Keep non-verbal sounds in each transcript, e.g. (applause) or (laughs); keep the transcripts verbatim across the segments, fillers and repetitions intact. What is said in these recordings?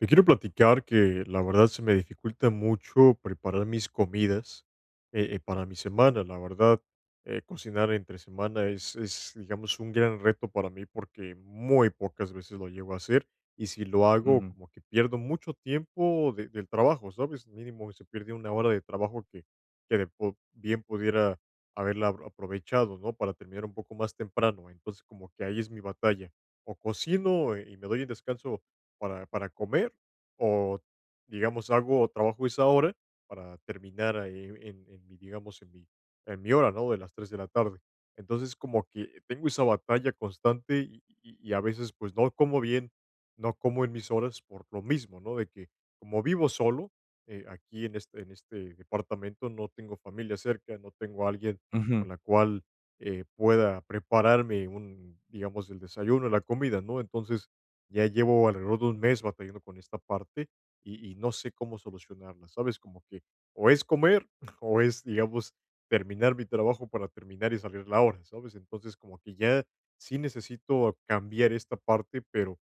Te quiero platicar que, la verdad, se me dificulta mucho preparar mis comidas, eh eh, para mi semana. La verdad, eh, cocinar entre semana es es, digamos, un gran reto para mí, porque muy pocas veces lo llego a hacer, y si lo hago, Ujú. como que pierdo mucho tiempo de del trabajo, ¿sabes?, mínimo se pierde una hora de trabajo que que de po bien pudiera haberla a aprovechado, ¿no?, para terminar un poco más temprano. Entonces, como que ahí es mi batalla, o cocino, eh, y me doy el descanso para para comer, o, digamos, hago trabajo esa hora para terminar, eh, en en mi, digamos, en mi en mi hora, ¿no?, de las tres de la tarde. Entonces, como que tengo esa batalla constante y y y y a veces, pues, no como bien, no como en mis horas por lo mismo, ¿no?, de que, como vivo solo, eh, aquí en este en este departamento, no tengo familia cerca, no tengo a alguien Ujú. con la cual, eh, pueda prepararme, un digamos, el desayuno, la comida, ¿no? Entonces, ya llevo alrededor de un mes batallando con esta parte y y no sé cómo solucionarla, ¿sabes? Como que, o es comer, (chuckles) o es, digamos, terminar mi trabajo para terminar y salir la hora, ¿sabes? Entonces, como que ya sí necesito cambiar esta parte, pero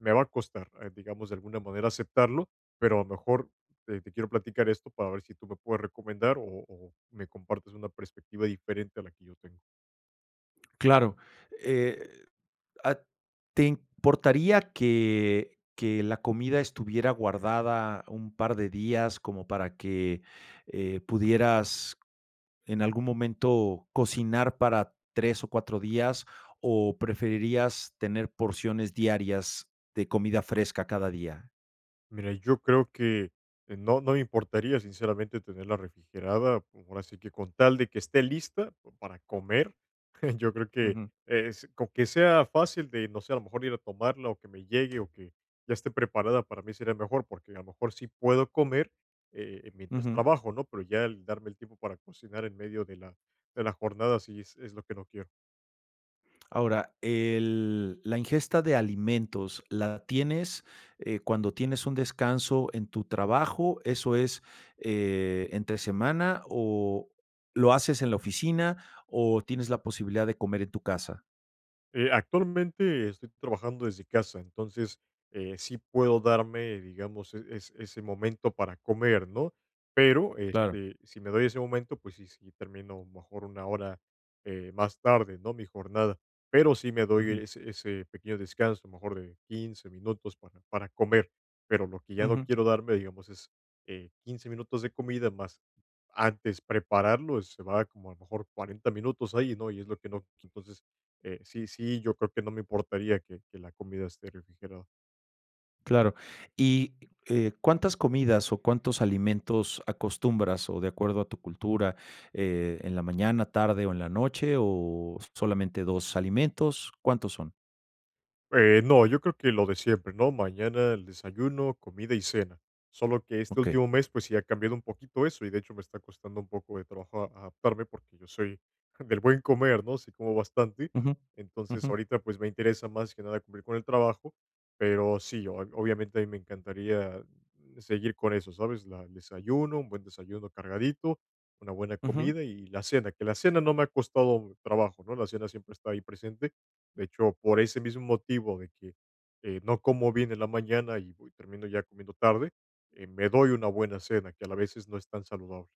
me va a costar, eh, digamos, de alguna manera aceptarlo, pero a lo mejor, te te quiero platicar esto para ver si tú me puedes recomendar o o me compartes una perspectiva diferente a la que yo tengo. Claro, eh ah, ¿te importaría que que la comida estuviera guardada un par de días como para que, eh, pudieras, en algún momento, cocinar para tres o cuatro días, o preferirías tener porciones diarias de comida fresca cada día? Mira, yo creo que que no, no me importaría, sinceramente, tenerla refrigerada, ahora sí que, con tal de que esté lista, pa para comer, (chuckles) yo creo que Ujú. es con que sea fácil de, no sé, a lo mejor, ir a tomarla, o que me llegue, o que ya esté preparada, para mí sería mejor. Porque, a lo mejor, sí puedo comer, eh, mientras Ujú. trabajo, ¿no? Pero ya el darme el tiempo para cocinar, en medio de la de la jornada, sí es es lo que no quiero. Ahora, el la ingesta de alimentos, ¿la tienes, eh, cuando tienes un descanso en tu trabajo, eso es, eh, entre semana, o lo haces en la oficina, o tienes la posibilidad de comer en tu casa? Eh, actualmente, estoy trabajando desde casa. Entonces, eh, sí puedo darme, digamos, eh, es ese momento para comer, ¿no? Pero Claro. este, si me doy ese momento, pues, sí sí termino mejor una hora, eh, más tarde, ¿no?, mi jornada. Pero sí me doy Ujú. es ese pequeño descanso, a lo mejor de quince minutos para para comer. Pero lo que ya no Ujú. quiero darme, digamos, es, eh, quince minutos de comida, más antes prepararlo, se va como, a lo mejor, cuarenta minutos ahí, ¿no? Y es lo que no q entonces, eh, sí, sí, yo creo que no me importaría que que la comida esté refrigerada. Claro. Y, eh, ¿cuántas comidas o cuántos alimentos acostumbras, o de acuerdo a tu cultura, eh, en la mañana, tarde o en la noche, o solamente dos alimentos? ¿Cuántos son? Eh, no, yo creo que lo de siempre, ¿no?, mañana el desayuno, comida y cena. Solo que este Okey. último mes, pues, sí ha cambiado un poquito eso y, de hecho, me está costando un poco de trabajo a adaptarme, porque yo soy (chuckles) del buen comer, ¿no?, sí como bastante. Ujú. Entonces, Ujú. ahorita, pues, me interesa, más que nada, cumplir con el trabajo, pero, sí, ob obviamente, a mí me encantaría, mm, seguir con eso, ¿sabes? La el desayuno, un buen desayuno cargadito, una buena Ujú. comida y la cena, que la cena no me ha costado trabajo, ¿no?, la cena siempre está ahí presente. De hecho, por ese mismo motivo de que, eh, no como bien en la mañana, y voy termino ya comiendo tarde, eh, me doy una buena cena, que a la vez, es no es tan saludable.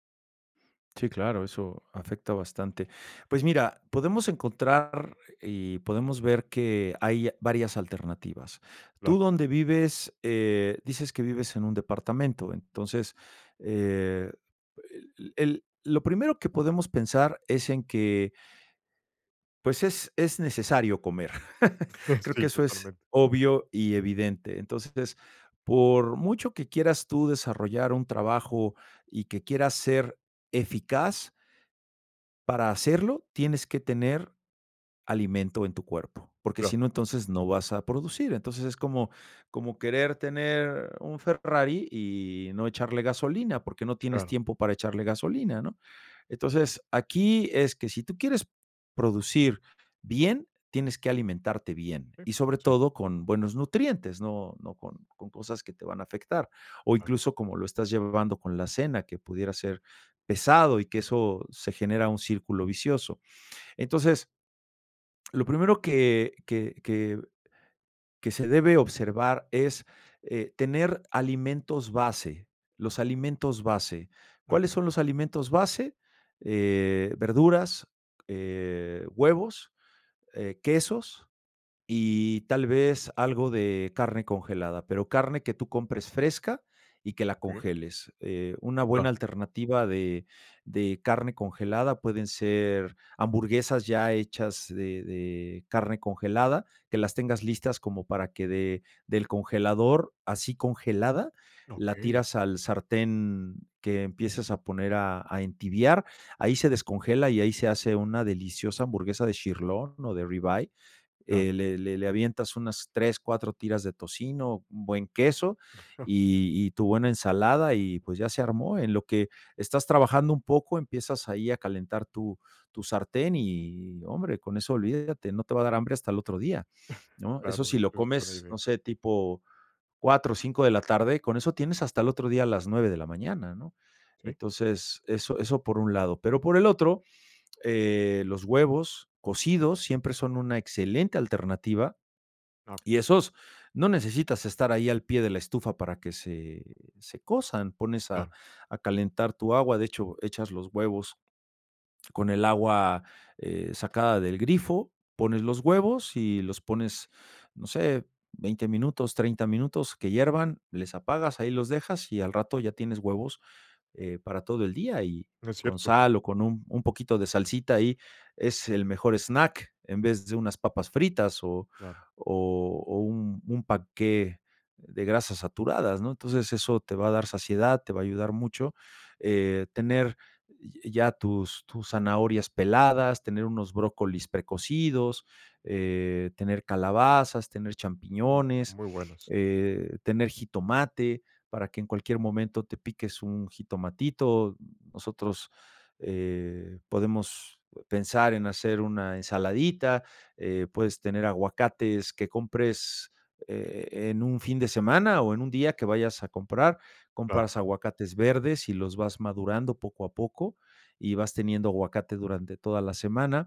Sí, claro, eso afecta bastante. Pues mira, podemos encontrar y podemos ver que hay varias alternativas. Claro. Tú donde vives, eh, dices que vives en un departamento, entonces, eh, el el lo primero que podemos pensar es en que pues, es es necesario comer. (laughs) (chuckles) Creo que Sí, eso es totalmente. obvio y evidente. Entonces, por mucho que quieras tú desarrollar un trabajo y que quieras ser eficaz para hacerlo, tienes que tener alimento en tu cuerpo, porque Claro. si no, entonces, no vas a producir. Entonces, es como como querer tener un Ferrari y no echarle gasolina, porque no tienes Claro. tiempo para echarle gasolina, ¿no? Entonces, aquí es que si tú quieres producir bien, tienes que alimentarte bien Sí, y, sobre sí. todo, con buenos nutrientes, no no con con cosas que te van a afectar, o Claro. incluso como lo estás llevando con la cena, que pudiera ser pesado y que eso se genera un círculo vicioso. Entonces lo primero que que que que se debe observar es, eh, tener alimentos base, los alimentos base, ¿cuáles Okey. son los alimentos base?, eh, verduras, eh, huevos, eh, quesos y tal vez algo de carne congelada, pero carne que tú compres fresca y que la Okey. congeles. Eh, una buena Claro. alternativa de de carne congelada pueden ser hamburguesas ya hechas de de carne congelada, que las tengas listas como para que de del congelador, así congelada, la Okey. tiras al sartén que empiezas a poner a a entibiar, ahí se descongela y ahí se hace una deliciosa hamburguesa de sirloin o de rib eye. Claro. Eh, le le le avientas unas tres, cuatro tiras de tocino, un buen queso (chuckles) y y tu buena ensalada y, pues, ya se armó. En lo que estás trabajando un poco empiezas ahí a calentar tu tu sartén y hombre, con eso olvídate, no te va a dar hambre hasta el otro día, (chuckles) ¿no? Eso Claro, si de lo hecho, es buena comes, idea. no sé, tipo cuatro, cinco de la tarde, con eso tienes hasta el otro día a las nueve de la mañana, ¿no? Sí. Entonces, eso eso por un lado. Pero por el otro, eh, los huevos cocidos siempre son una excelente alternativa Ah, y esos no necesitas estar ahí al pie de la estufa para que se se cosan, pones a Claro. a calentar tu agua. De hecho, echas los huevos con el agua, eh, sacada del grifo, pones los huevos y los pones, no sé, veinte minutos, treinta minutos que hiervan, les apagas, ahí los dejas y al rato ya tienes huevos, eh, para todo el día y No es con cierto. sal o con un un poquito de salsita ahí es el mejor snack, en vez de unas papas fritas o Claro. o o un un panqué de grasas saturadas, ¿no? Entonces eso te va a dar saciedad, te va a ayudar mucho. Eh, tener ya tus tus zanahorias peladas, tener unos brócolis precocidos, eh, tener calabazas, tener Mm, champiñones, muy buenas. eh, tener jitomate para que en cualquier momento te piques un jitomatito. Nosotros, eh, podemos pensar en hacer una ensaladita, eh, puedes tener aguacates que compres e en un fin de semana o en un día que vayas a comprar, Claro. compras aguacates verdes y los vas madurando poco a poco, y vas teniendo aguacate durante toda la semana.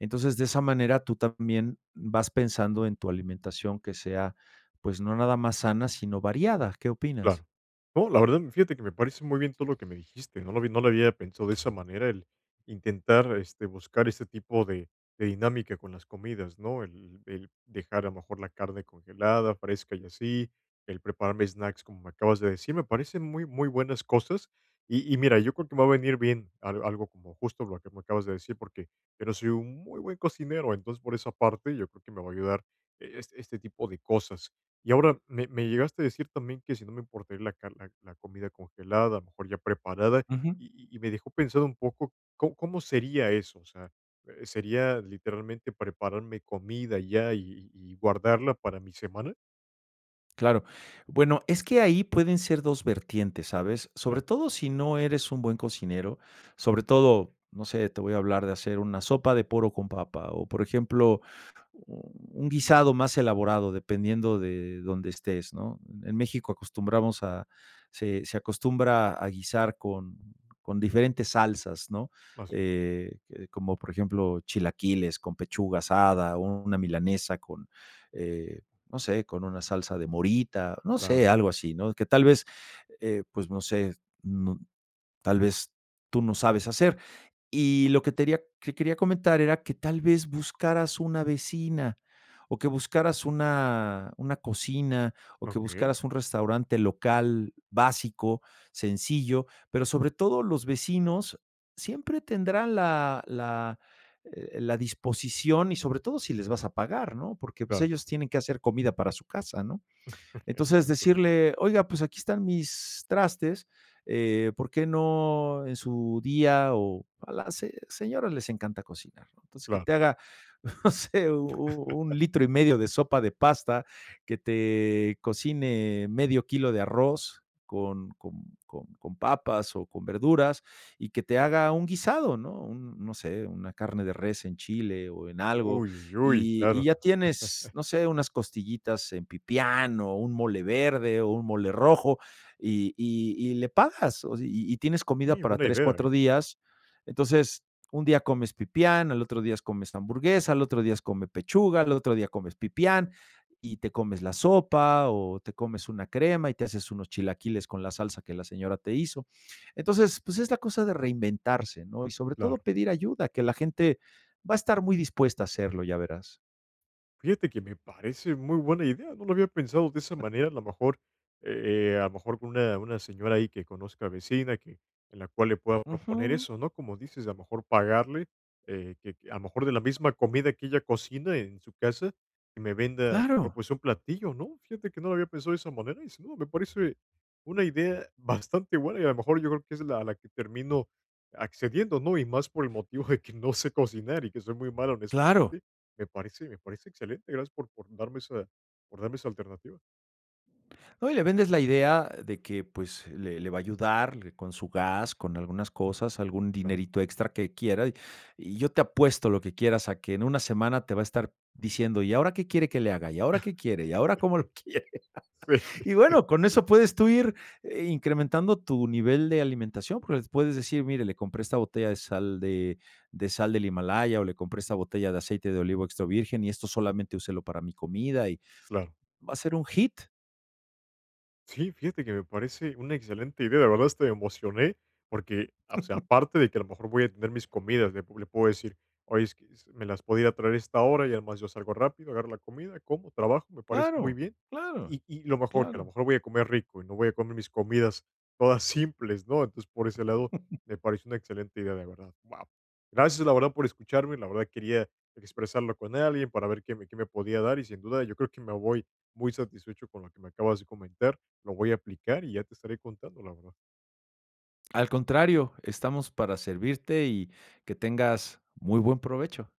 Entonces, de esa manera tú también vas pensando en tu alimentación que sea, pues no nada más sana, sino variada, ¿qué opinas? Claro. No, la verdad, fíjate que me parece muy bien todo lo que me dijiste, no lo vi, no lo había pensado de esa manera, el intentar, este, buscar ese tipo de de dinámica con las comidas, ¿no?, el el dejar, a lo mejor, la carne congelada, fresca y así, el prepararme snacks, como me acabas de decir, me parecen muy, muy buenas cosas. Y y mira, yo creo que va a venir bien al algo como justo lo que me acabas de decir porque, pero soy un muy buen cocinero, entonces, por esa parte, yo creo que me va a ayudar e es este tipo de cosas. Y ahora, me me llegaste a decir también que si no me importaría la car la la comida congelada, a lo mejor ya preparada. Ujú. Y y y me dejó pensado un poco, ¿có cómo sería eso?, O sea, ¿sería literalmente prepararme comida ya y y guardarla para mi semana? Claro. Bueno, es que ahí pueden ser dos vertientes, ¿sabes? Sobre Claro. todo sí no eres un buen cocinero, sobre todo, no sé, te voy a hablar de hacer una sopa de poro con papa o, por ejemplo, mm, un guisado más elaborado, dependiendo de donde estés, ¿no? En México acostumbramos a se se acostumbra a guisar con con diferentes salsas, ¿no? Así es. Eh, que de como por ejemplo chilaquiles con pechuga asada, una milanesa con, eh, no sé, con una salsa de morita, no sé, Claro. algo así, ¿no? Que tal vez, eh, pues no sé, no tal vez, tú no sabes hacer. Y lo que teria que quería comentar era que tal vez buscaras una vecina, o que buscaras una, una cocina, o que Okey. buscaras un restaurante local básico, sencillo, pero sobre todo los vecinos siempre tendrán la la, eh, la disposición y sobre todo si les vas a pagar, ¿no? Porque, pues, Claro. ellos tienen que hacer comida para su casa, ¿no? (chuckles) Es Entonces cierto. decirle, oiga, pues aquí están mis trastes, eh, ¿por qué no en su día? o a las se señoras les encanta cocinar, ¿no? Entonces que Claro. te haga, no sé, un, un (chuckles) litro y medio de sopa de pasta, que te cocine medio kilo de arroz con con con con papas o con verduras, y que te haga un guisado, ¿no? un, no sé, una carne de res en chile o en algo, Uy, uy, uy. y Claro. y ya tienes, (chuckles) no sé, unas costillitas en pipián, o un mole verde, o un mole rojo, y y y le pagas. O y y tienes comida Sí, para una tres, idea, cuatro eh. días. Entonces, un día comes pipián, al otro días comes hamburguesa, al otro días come pechuga, al otro día comes pipián, y te comes la sopa, o te comes una crema y te haces unos chilaquiles con la salsa que la señora te hizo. Entonces, pues es la cosa de reinventarse, ¿no? Y sobre todo Claro. pedir ayuda, que la gente va a estar muy dispuesta a hacerlo, ya verás. Fíjate que me parece muy buena idea, no lo había pensado de esa manera. A lo mejor, eh, eh, a lo mejor con una una señora ahí, que conozca, vecina que en la cual le pueda proponer Ujú. eso, ¿no? Como dices, a lo mejor, pagarle, eh, que, a lo mejor, de la misma comida que ella cocina, en su casa, que me venda, a lo mejor, Claro. pues, un platillo, ¿no? Fíjate que no lo había pensado de esa manera y, sin duda, me parece una idea bastante buena. Y, a lo mejor, yo creo que es la la que termino accediendo, ¿no? Y más por el motivo de que no sé cocinar, y que soy muy malo en esta Claro. parte. Me parece me parece excelente. Gracias por por darme esa por darme esa alternativa. No, y le vendes la idea de que, pues, le le va a ayudarle con su gas, con algunas cosas, algún Claro. dinerito extra que quiera, y y yo te apuesto lo que quieras a que, en una semana, te va a estar diciendo: "¿Y ahora qué quiere que le haga? ¿Y ahora qué quiere? ¿Y ahora (chuckles) cómo lo quiere?" Si. Sí. (laughs) Y, bueno, con eso puedes tú ir incrementando tu nivel de alimentación, porque le puedes decir: "Mire, le compré esta botella de sal de de sal del Himalaya, o le compré esta botella de aceite de olivo extra virgen, y esto solamente úselo para mi comida. Y Claro. va a ser un hit. Sí, fíjate que me parece una excelente idea, la verdad hasta me emocioné, porque, o sea, (chuckles) aparte de que a lo mejor voy a tener mis comidas, le pu le puedo decir: "Oye, es que, ¿me las podría traer a esta hora?". Y, además, yo salgo rápido, agarro la comida, como, trabajo, me parece muy Claro, bien. claro. Y y, lo mejor, que, a lo Claro. mejor, voy a comer rico y no voy a comer mis comidas todas simples, ¿no? Entonces, por ese lado, (chuckles) me parece una excelente idea, de verdad. Wao. Gracias, la verdad, por escucharme, la verdad quería expresarlo con alguien para ver qué me qué me podía dar. Y, sin duda, yo creo que me voy muy satisfecho con lo que me acabas de comentar, lo voy a aplicar y ya te estaré contando, la verdad. Al contrario, estamos para servirte y que tengas muy buen provecho.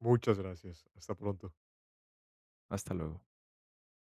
Muchas gracias, hasta pronto. Hasta luego.